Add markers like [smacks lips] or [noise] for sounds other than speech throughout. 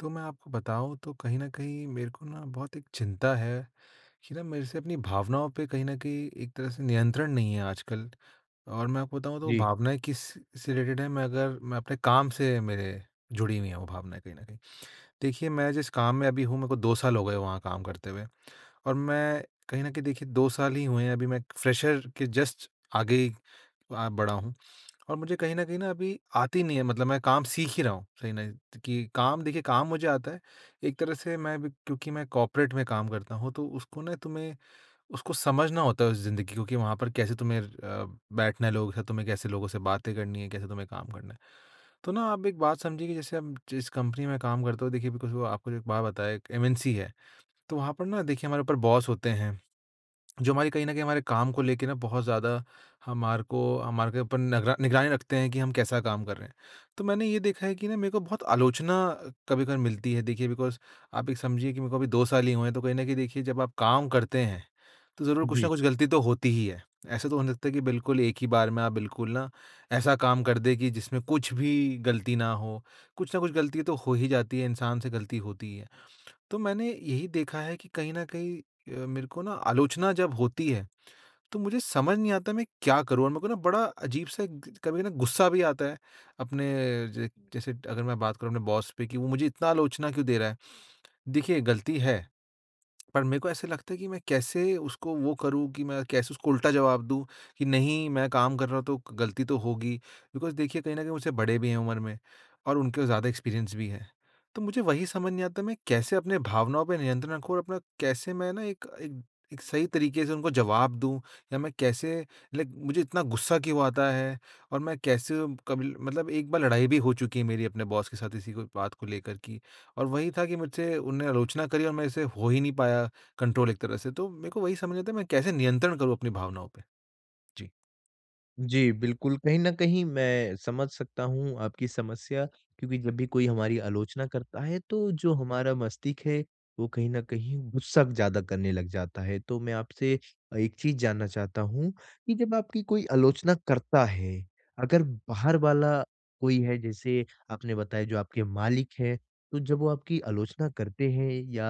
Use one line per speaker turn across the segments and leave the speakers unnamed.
तो मैं आपको बताऊँ, तो कहीं न कहीं मेरे को ना बहुत एक चिंता है। कि ना, मेरे से अपनी भावनाओं पे कहीं न कहीं एक तरह से नियंत्रण नहीं है आजकल और मैं आपको बताऊँ, तो
जी।
भावनाएँ किस से रिलेटेड हैं, मैं अगर मैं अपने काम से मेरे जुड़ी हुई हैं वो भावनाएँ, कहीं न कहीं। देखिए, मैं जिस काम में अभी हूँ, मेरे को 2 साल हो गए वहाँ काम करते हुए और मैं कहीं न कहीं देखिए 2 साल ही हुए हैं, अभी मैं एक फ़्रेशर के जस्ट आगे वहाँ बढ़ा हूँ और मुझे कहीं न कहीं न, अभी आती नहीं है, मतलब मैं काम सीख ही रहा हूँ [unintelligible] कि काम देखिए, काम मुझे आता है। एक तरह से मैं अभी क्योंकि मैं कॉर्पोरेट में काम करता हूँ, तो उसको ना तुम्हें, उसको समझना होता है, उस ज़िंदगी को कि वहाँ पर कैसे तुम्हें अ, बैठना है लोगों के साथ, तुम्हें कैसे लोगों से बातें करनी है, कैसे तुम्हें काम करना है। तो ना आप एक बात समझिए कि जैसे आप जिस कंपनी में काम करते हो देखिए, बिकॉज़ वो आपको जो एक बात बताए, एक एमएनसी है। तो वहाँ पर ना, देखिए, हमारे ऊपर बॉस होते हैं, जो हमारी कहीं न कहीं हमारे काम को लेके ना, बहुत ज़्यादा हमारे को हमारे के ऊपर नगरा निगरानी रखते हैं कि हम कैसा काम कर रहे हैं। तो मैंने ये देखा है कि ना, मेरे को बहुत आलोचना कभी-कभार मिलती है। देखिए, बिकॉज़, आप एक समझिए कि मेरे को अभी 2 साल ही हुए हैं, तो कहीं न कहीं देखिए, जब आप काम करते हैं, तो ज़रूर कुछ न
जी।
कुछ गलती तो होती ही है। ऐसा तो हो नहीं सकता है कि बिल्कुल एक ही बार में आप बिल्कुल ना, ऐसा काम कर दें कि जिसमें कुछ भी गलती ना हो। कुछ न कुछ गलती तो हो ही जाती है, इंसान से गलती होती ही है। तो मैंने यही देखा है कि कहीं न कहीं अ, मेरे को ना आलोचना जब होती है, तो मुझे समझ नहीं आता है, मैं क्या करूँ? और मेरे को ना बड़ा अज़ीब-सा एक ग कभी ना, गुस्सा भी आता है, अपने ज जैसे अगर मैं बात करूँ अपने बॉस पे, कि, "वो मुझे इतना आलोचना क्यों दे रहा है?" देखिए, गलती है, [smacks lips] पर मेरे को ऐसा लगता है कि मैं कैसे उसको वो करूँ कि मैं कैसे उसको उल्टा जवाब दूँ कि, नहीं, मैं काम कर रहा हूँ, तो ग गलती तो होगी। बिकॉज़ देखिए, कहीं न कहीं मुझसे बड़े भी हैं उम्र में और उनके पास ज़्यादा एक्सपीरियंस भी है। तो मुझे वही समझ नहीं आता, मैं कैसे अपने भावनाओं पर नियंत्रण रखूँ और अपना कैसे मैं ना एक एक एक सही तरीक़े से उनको जवाब दूँ? या मैं कैसे लाइक मुझे इतना गुस्सा क्यों आता है? और मैं कैसे कब ल मतलब एक बार लड़ाई भी हो चुकी है मेरी अपने बॉस के साथ, इसी को बात को लेकर कि और वही था कि मुझसे उन्होंने आलोचना करी और मेरे से हो ही नहीं पाया कंट्रोल एक तरह से, तो मेरे को वही समझ नहीं आता है, मैं कैसे नियंत्रण करूँ अपनी भावनाओं पे? जी।
जी, बिल्कुल। कहीं न कहीं मैं समझ सकता हूँ आपकी समस्या क्योंकि जब भी कोई हमारी आलोचना करता हैं तो जो हमारा मस्तिष्क हैं वो कहीं न कहीं ग़ुस्सा ज़्यादा करने लग जाता है। तो मैं आपसे अ, एक चीज़ जानना चाहता हूँ कि, जब आपकी कोई आलोचना करता है, अगर बाहर वाला कोई हैं जैसे आपने बताया जो आपके मालिक हैं। तो जब वो आपकी आलोचना करते हैं या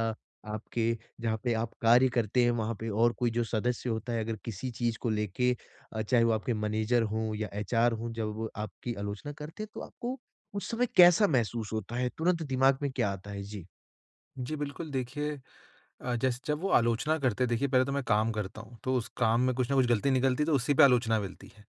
आपके जहाँ पे आप कार्य करते हैं वहाँ पे और कोई जो सदस्य होता है अगर किसी चीज़ को लेके अ, चाहे वो आपके मैनेज़र हों या एचआर हों जब वो आपकी आलोचना करते हैं तो आपको उस समय कैसा महसूस होता हैं? तुरंत दिमाग में क्या आता हैं? जी।
जी, बिल्कुल। देखिए अ, जैसे जब वो आलोचना करते हैं देखिए पहले तो मैं काम करता हूँ। तो उस काम में कुछ न कुछ गलती निकलती है तो उसी पे आलोचना मिलती है।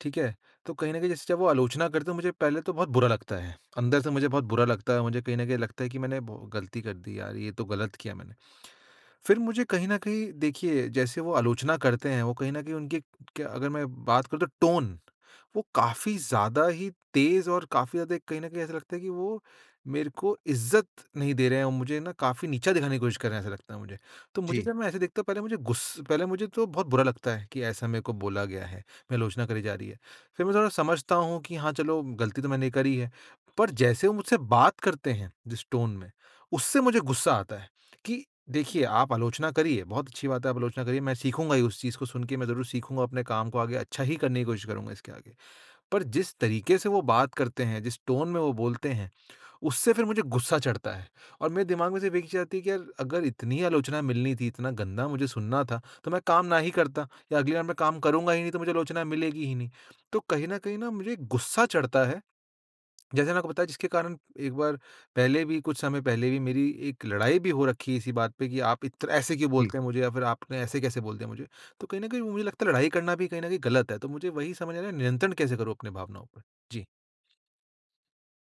ठीक है। तो कहीं न कहीं जैसे जब वो आलोचना करते हैं तो मुझे पहले तो बहुत बुरा लगता है। अंदर से मुझे बहुत बुरा लगता हैं। मुझे कहीं न कहीं लगता है कि मैंने भौ गलती कर दी यार, ये तो गलत किया मैंने। [clicks tongue] फिर मुझे कहीं न कहीं देखिए जैसे वो आलोचना करते हैं वो कहीं न कहीं उनकी क्य अगर मैं बात करूँ तो टोन वो काफ़ी ज़्यादा ही तेज और काफ़ी ज़्यादा कहीं न कहीं ऐसा लगता है कि वो मेरे को इज्ज़त नहीं दे रहे हैं और मुझे न काफ़ी नीचा दिखाने की कोशिश कर रहे हैं ऐसा लगता है मुझे। तो मुझे
जी।
जब मैं ऐसे देखते हैं, पता है मुझे गुस पहले मुझे तो बहुत बुरा लगता है कि ऐसा मेरे को बोला गया है, आलोचना करी जा रही हैं। फिर मैं थोड़ा समझता हूँ कि हाँ, चलो गलती तो मैंने करी है। पर जैसे वो मुझसे बात करते हैं, जिस टोन में, उससे मुझे ग़ुस्सा आता है। कि देखिए आप आलोचना करिए, बहुत अच्छी बात है आप आलोचना करिए। मैं सीखूँगा ही उस चीज़ को सुन के, मैं ज़रूर सीखूँगा, अपने काम को आगे अच्छा ही करने की कोशिश करूँगा इसके आगे। पर जिस तरीके से वो बात करते हैं, जिस टोन में वो बोलते हैं, उससे फिर मुझे ग़ुस्सा चढ़ता है। और मेरे दिमाग में सिर्फ़ एक ही चीज़ आती है कि यार अगर इतनी ही आलोचना मिलनी थी, इतना गंदा मुझे सुनना था तो मैं काम नहीं करता या अगली बार मैं काम करूँगा ही नहीं तो मुझे आलोचना मिलेगी ही नहीं। तो कहीं न कहीं मुझे ग़ुस्सा चढ़ता है। जैसे मैंने आपको बताया जिसके कारण एक बार पहले भी, कुछ समय पहले भी मेरी एक लड़ाई भी हो रखी हैं इसी बात पे कि आप इत ऐसे क्यों
जी।
बोलते हैं मुझे या फिर आपने ऐसे-कैसे बोल दिया मुझे? तो कहीं न कहीं मुझे लगता है लड़ाई करना भी कहीं न कहीं गलत हैं। तो मुझे वही समझना है नियंत्रण कैसे करूँ अपनी भावनाओं पे? जी।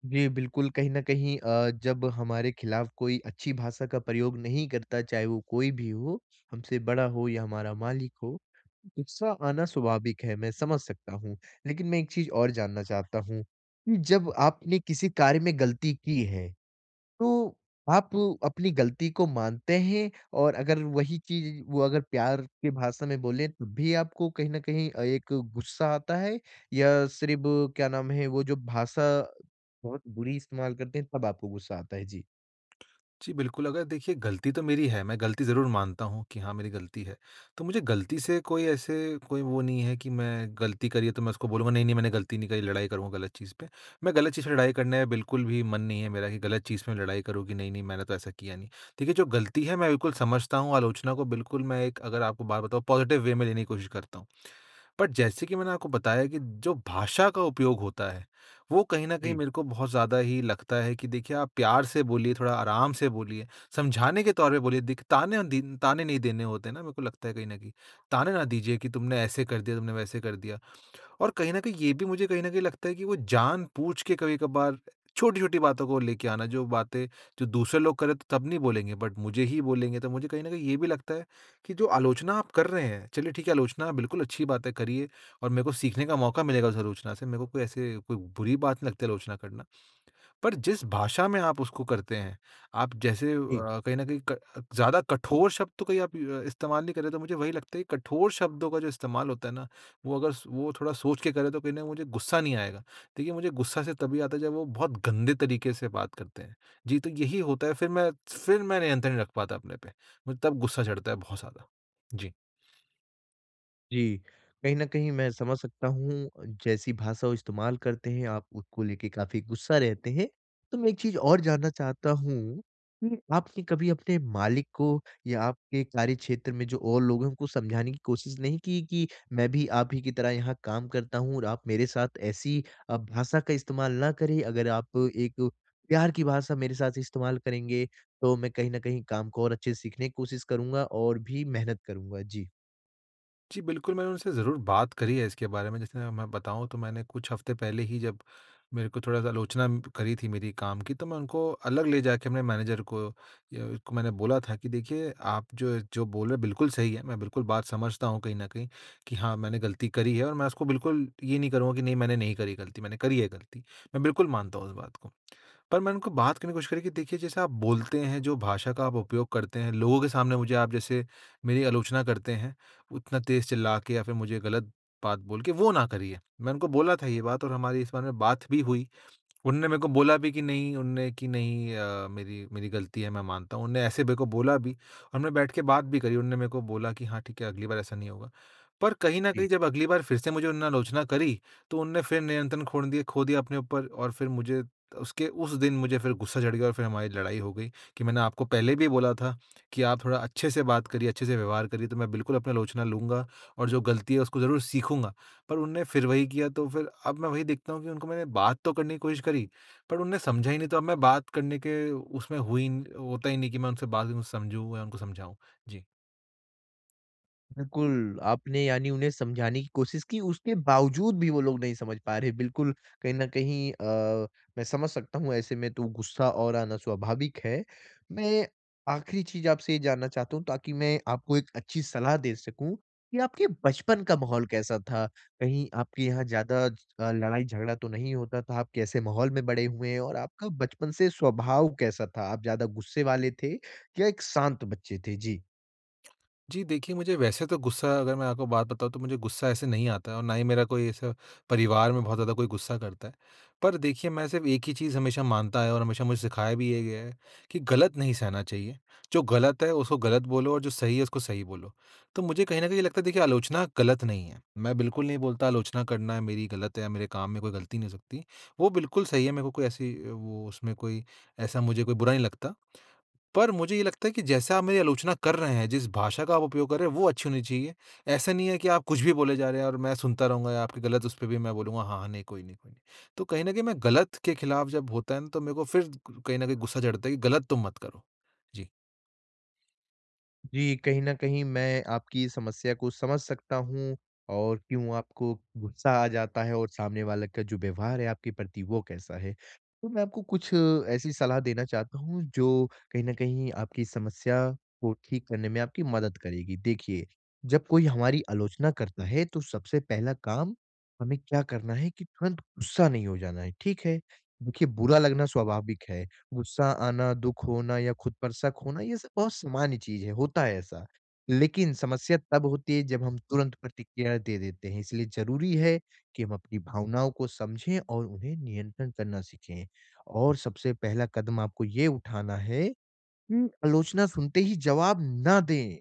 जी, बिल्कुल कहीं न कहीं अ, जब हमारे ख़िलाफ़ कोई अच्छी भाषा का प्रयोग नहीं करता चाहे वो कोई भी हो, हमसे बड़ा हो या हमारा मालिक हो, गुस्सा आना स्वाभाविक है, मैं समझ सकता हूँ। लेकिन मैं एक चीज़ और जानना चाहता हूँ कि जब आपने किसी कार्य में ग़लती की है तो आप अपनी ग़लती को मानते हैं? और अगर वही चीज़ वो अगर प्यार के भाषा में बोले तब भी आपको कहीं न कहीं अ, एक गुस्सा आता है? या सिर्फ़ क्या नाम है वो जो भाषा बहुत बुरी इस्तेमाल करते हैं तब आपको गुस्सा आता है? जी।
[clicks tongue] जी, बिल्कुल अगर देखिए गलती तो मेरी है, मैं गलती ज़रूर मानता हूँ कि हाँ, मेरी गलती है। तो मुझे गलती से कोई ऐसे कोई वो नहीं है कि मैं गलती करी है तो मैं उसको बोलूँगा नहीं-नहीं मैंने गलती नहीं करी लड़ाई करूँगा गलत चीज़ पे। मैं गलत चीज़ से लड़ाई करने में बिल्कुल भी मन नहीं है मेरा कि गलत चीज़ पे लड़ाई करूँ कि नहीं-नहीं मैंने तो ऐसा किया नहीं। देखिए, जो गलती है मैं बिल्कुल समझता हूँ, आलोचना को बिल्कुल मैं एक अगर आपको बात बताऊँ पॉज़िटिव वे में लेने की कोशिश करता हूँ। बट जैसे कि मैंने आपको बताया कि जो भाषा का उपयोग होता है, वो कहीं न कहीं
जी।
मेरे को बहुत ज़्यादा ही लगता है कि देखिए आप प्यार से बोलिए, थोड़ा आराम से बोलिए, समझाने के तौर पे बोलिए दिख ताने दीन ताने नहीं देने होते ना मेरे को लगता है कहीं न कहीं। ताने ना दीजिए कि तुमने ऐसे कर दिया, तुमने वैसे कर दिया। और कहीं न कहीं ये भी मुझे कहीं न कहीं लगता है कि वो जानबूझ के कभी-कभार छोटी-छोटी बातों को लेके आना जो बातें जो दूसरे लोग कर रहे थे तब नहीं बोलेंगे बट मुझे ही बोलेंगे। तो मुझे कहीं न कहीं ये भी लगता है कि जो आलोचना आप कर रहे हैं, चलिए ठीक है आलोचना बिल्कुल अच्छी बात है करिए और मेरे को सीखने का मौक़ा मिलेगा उस आलोचना से, मेरे को कोई ऐसे कोई बुरी बात नहीं लगती आलोचना करना। पर जिस भाषा में आप उसको करते हैं, आप जैसे अ,
जी।
कहीं न कहीं क ज़्यादा कठोर शब्द तो कहीं आप अ, इस्तेमाल नहीं कर रहे तो मुझे वही लगता है कि कठोर शब्दों का जो इस्तेमाल होता है ना वो अगर सो वो थोड़ा सोच के करें तो ना मुझे गुस्सा नहीं आएगा। देखिए मुझे गुस्सा से तभी आता है जब वो बहुत गंदे तरीक़े से बात करते हैं। जी, तो यही होता है फिर मैं फिर मैं नियंत्रण नहीं रख पाता अपने पे, मैं तब गुस्सा चढ़ता है बहुत ज़्यादा। जी।
जी, कहीं न कहीं मैं समझ सकता हूँ जैसी भाषा वो इस्तेमाल करते हैं आप उसको लेके काफ़ी गुस्सा रहते हैं। तो मैं एक चीज़ और जानना चाहता हूँ, उ आपने कभी अपने मालिक को या आपके कार्यक्षेत्र में जो और लोग हैं उनको समझाने की कोशिश नहीं कि, कि मैं भी आप ही की तरह यहाँ काम करता हूँ और आप मेरे साथ ऐसी अ, भाषा का इस्तेमाल ना करें। अगर आप एक प्यार की भाषा मेरे साथ इस्तेमाल करेंगे तो मैं कहीं न कहीं काम को और अच्छे से सीखने की कोशिश करूँगा और भी मेहनत करूँगा। जी।
जी, बिल्कुल मैंने उनसे ज़रूर बात करी है इसके बारे में जैसे मैं बताऊँ तो मैंने कुछ हफ़्ते पहले ही जब मेरे को थोड़ा-सा आलोचना करी थी मेरी काम की तो मैं उनको अलग ले जाके मैं मैनेजर को य उसको मैंने बोला था कि देखिए आप जो जो बोल रहे हो बिल्कुल सही है। मैं बिल्कुल बात समझता हूँ कहीं न कहीं कि हाँ, मैंने ग़लती करी है और मैं उसको बिल्कुल ये नहीं करूँगा कि नहीं मैंने नहीं करी ग़लती, मैंने करी है ग़लती, मैं बिल्कुल मानता हूँ उस बात को। पर मैंने उनको बात करने की कोशिश करी कि देखिए जैसे आप बोलते हैं, जो भाषा का आप उपयोग करते हैं, लोगों के सामने मुझे आप जैसे मेरी आलोचना करते हैं, उतना तेज़ चिल्ला के या फ़िर मुझे ग़लत बात बोल के वो ना करिए। मैं उनको बोला था ये बात और हमारी इस बारे में बात भी हुई। उनने मेरे को बोला भी कि, "नहीं उनने की नहीं अ, मेरी मेरी ग़लती है मैं मानता हूँ।" उनने ऐसे मेरे को बोला भी और मैं बैठ के बात भी करी उनने मैं को बोला कि, "हाँ ठीक है, अगली बार ऐसा नहीं होगा।" पर कहीं न
जी।
कहीं जब अगली बार फ़िर से मुझे उनने आलोचना करी तो उनने फ़िर नियंत्रण खोड़ दिए खो दिया अपने ऊपर और फ़िर मुझे उसके उस दिन मुझे फ़िर गुस्सा चढ़ गया और फ़िर हमारी लड़ाई हो गई कि मैंने आपको पहले भी बोला था कि आप थोड़ा अच्छे से बात करिए, अच्छे से व्यवहार करिए तो मैं बिल्कुल अपनी आलोचना लूँगा और जो ग़लती है उसको ज़रूर सीखूँगा। पर उनने फ़िर वही किया तो फ़िर अब मैं वही देखता हूँ कि उनको मैंने बात तो करने की कोशिश करी पर उनने समझा ही नहीं तो अब मैं बात करने के उसमें हूँ ही होता ही नहीं कि मैं उनसे बात को समझूँ या उनको समझाऊँ। जी।
बिल्कुल। आपने यानी उन्हें समझाने की कोशिश की उसके बावजूद भी वो लोग नहीं समझ पा रहे है। बिल्कुल कहीं न कहीं अ, मैं समझ सकता हूँ ऐसे में तो गुस्सा और आना स्वाभाविक है। मैं आख़िरी चीज़ आपसे ये जानना चाहता हूँ ताकि मैं आपको एक अच्छी सलाह दे सकूँ कि आपके बचपन का माहौल कैसा था? कहीं आपके यहाँ ज़्यादा अ, लड़ाई झगड़ा तो नहीं होता था? आप कैसे माहौल में बड़े हुए हैं, और आपका बचपन से स्वभाव कैसा था? आप ज़्यादा गुस्से वाले थे या एक शांत बच्चे थे? जी।
जी देखिए, मुझे वैसे तो गुस्सा अगर मैं आपको बात बताऊँ तो मुझे गुस्सा ऐसे नहीं आता है और ना ही मेरा कोई ऐसा परिवार में बहुत ज़्यादा कोई गुस्सा करता है। पर देखिए मैं सिर्फ़ एक ही चीज़ हमेशा मानता आया हूँ और हमेशा मुझे सिखाया भी ये गया है कि ग़लत नहीं सहना चाहिए। जो ग़लत है उसको ग़लत बोलो और जो सही है उसको सही बोलो। तो मुझे कहीं न कहीं लगता है देखिए, आलोचना गलत नहीं है। मैं बिल्कुल नहीं बोलता आलोचना करना है मेरी गलत है या मेरे काम में कोई गलती नहीं हो सकती। वो बिल्कुल सही है। मेरे को कोई ऐसी अ, वो उसमें कोई ऐसा मुझे कोई बुरा नहीं लगता। पर मुझे ये लगता है कि जैसा आप मेरी आलोचना कर रहे हैं, जिस भाषा का उपयोग कर रहे हैं वो अच्छी होनी चाहिए। ऐसा नहीं है कि आप कुछ भी बोले जा रहे हैं, और मैं सुनता रहूँगा या आपकी ग़लत उसपे भी मैं बोलूँगा हाँ-हाँ नहीं कोई नहीं, कोई नहीं। तो कहीं न कहीं, मैं ग़लत के ख़िलाफ़ जब होता है ना तो मेरे को फ़िर कहीं न कहीं गुस्सा चढ़ता है कि ग़लत तुम मत करो। जी।
जी, कहीं न कहीं मैं आपकी समस्या को समझ सकता हूँ, और क्यों आपको गुस्सा आ जाता है, और सामने वाले का जो व्यवहार है, आपके प्रति वो कैसा है? तो मैं आपको कुछ ऐसी सलाह देना चाहता हूँ, जो कहीं न कहीं आपकी समस्या को ठीक करने में आपकी मदद करेगी। देखिए, जब कोई हमारी आलोचना करता है, तो सबसे पहला काम हमें क्या करना है? है कि तुरंत गुस्सा नहीं हो जाना है। ठीक है? देखिए बुरा लगना स्वाभाविक है। गुस्सा आना, दुःख होना या खुद पर शक होना, ये सब बहुत सामान्य चीज़ है, होता है ऐसा। लेकिन समस्या तब होती है जब हम तुरंत प्रतिक्रिया दे देते हैं। इसलिए ज़रूरी है कि हम अपनी भावनाओं को समझें और उन्हें नियंत्रण करना सीखें। और सबसे पहला कदम आपको ये उठाना है। हुँ। आलोचना सुनते ही जवाब ना दें।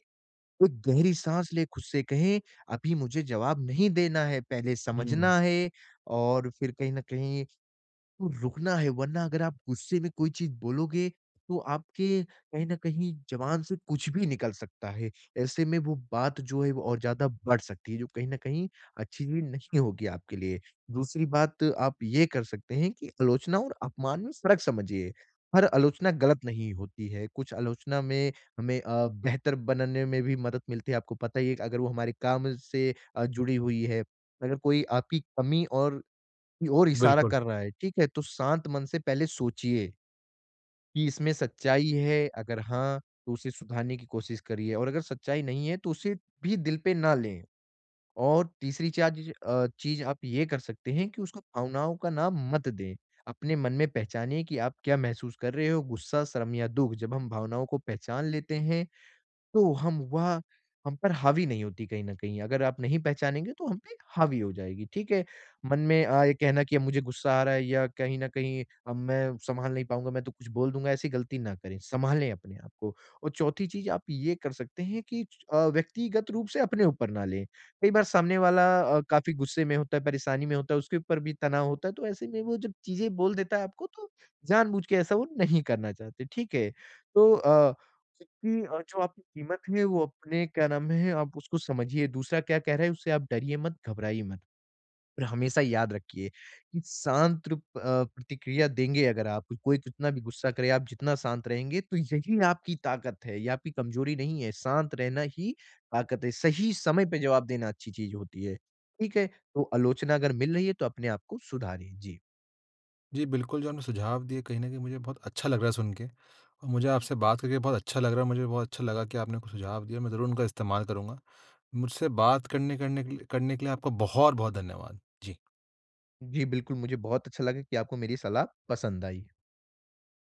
एक गहरी साँस लें खुद से कहें अभी मुझे जवाब नहीं देना है, पहले
हुँ, हुँ।
समझना है और फिर कहीं न कहीं, रुकना है, वरना अगर आप गुस्से में कोई चीज़ बोलोगे, तो आपके कहीं न कहीं जवान से कुछ भी निकल सकता है। ऐसे में वो बात जो है वो और ज़्यादा बढ़ सकती है। जो कहीं न कहीं अच्छी भी नहीं होगी आपके लिए। दूसरी बात आप ये कर सकते हैं, कि आलोचना और अपमान में फ़र्क समझिए। पर आलोचना ग़लत नहीं होती है। कुछ आलोचना में हमें अ, बेहतर बनने में भी मदद मिलती है, आपको पता ही है कि अगर वो हमारे काम से अ, जुड़ी हुई है। अगर कोई आपकी कमी और की ओर इशारा
बिल्कुल।
कर रहा है, ठीक है? तो शांत मन से पहले सोचिए कि, इसमें सच्चाई है? अगर हाँ, तो उसे सुधारने की कोशिश करिए और अगर सच्चाई नहीं है, तो उसे भी दिल पे ना लें। और तीसरी चा ज अ, चीज़ आप ये कर सकते हैं, कि उसको भावनाओं का नाम मत दें। अपने मन में पहचानिए कि आप क्या महसूस कर रहे हो, गुस्सा शर्म या दुःख? जब हम भावनाओं को पहचान लेते हैं। तो हम वह हम पर हावी नहीं होती कहीं न कहीं। अगर आप नहीं पहचानेंगे तो हम पे एक हावी हो जाएगी। ठीक है? मन में अ, ये कहना कि मुझे गुस्सा आ रहा है या कहीं न कहीं, "अब मैं संभाल नहीं पाऊँगा, मैं तो कुछ बोल दूँगा" ऐसी गलती ना करें, संभालें अपने आपको। और चौथी चीज़ आप ये कर सकते हैं कि अ, व्यक्तिगत रूप से अपने ऊपर पर ना लें। कई बार सामने वाला अ, काफ़ी गुस्से में होता है, परेशानी में होता है, उसके ऊपर भी तनाव होता है। तो ऐसे में वो जो चीज़ें बोल देता है आपको, तो जानबूझ के ऐसा वो नहीं करना चाहते। ठीक है? तो अ, जबकि जो आपकी क़ीमत है, वो अपने क्या नाम है? आप उसको समझिए। दूसरा क्या कह रहा है, उससे आप डरिए मत, घबराइए मत। पर हमेशा याद रखिए कि शांत त्रप अ, प्रतिक्रिया देंगे अगर आप कोई कितना भी गुस्सा करे, आप जितना शांत रहेंगे। तो यही ना, आपकी ताक़त है। ये आपकी कमज़ोरी नहीं है, शांत रहना ही ताक़त है। सही समय पे जवाब देना अच्छी चीज़ होती है। ठीक है? तो आलोचना अगर मिल रही है, तो अपने आपको सुधारिए। जी।
जी, बिल्कुल। जो आपने सुझाव दिए कहीं न कहीं मुझे बहुत अच्छा लग रहा है सुन के। मुझे आपसे बात करके बहुत अच्छा लग रहा है, मुझे भी बहुत अच्छा लगा कि आपने कुछ सुझाव दिए। मैं ज़रूर उनका इस्तेमाल करूँगा। मुझसे बात करने करने के लिए करने के लिए आपका बहुत-बहुत धन्यवाद। जी।
जी, बिल्कुल मुझे बहुत अच्छा लगा कि आपको मेरी सलाह पसंद आई।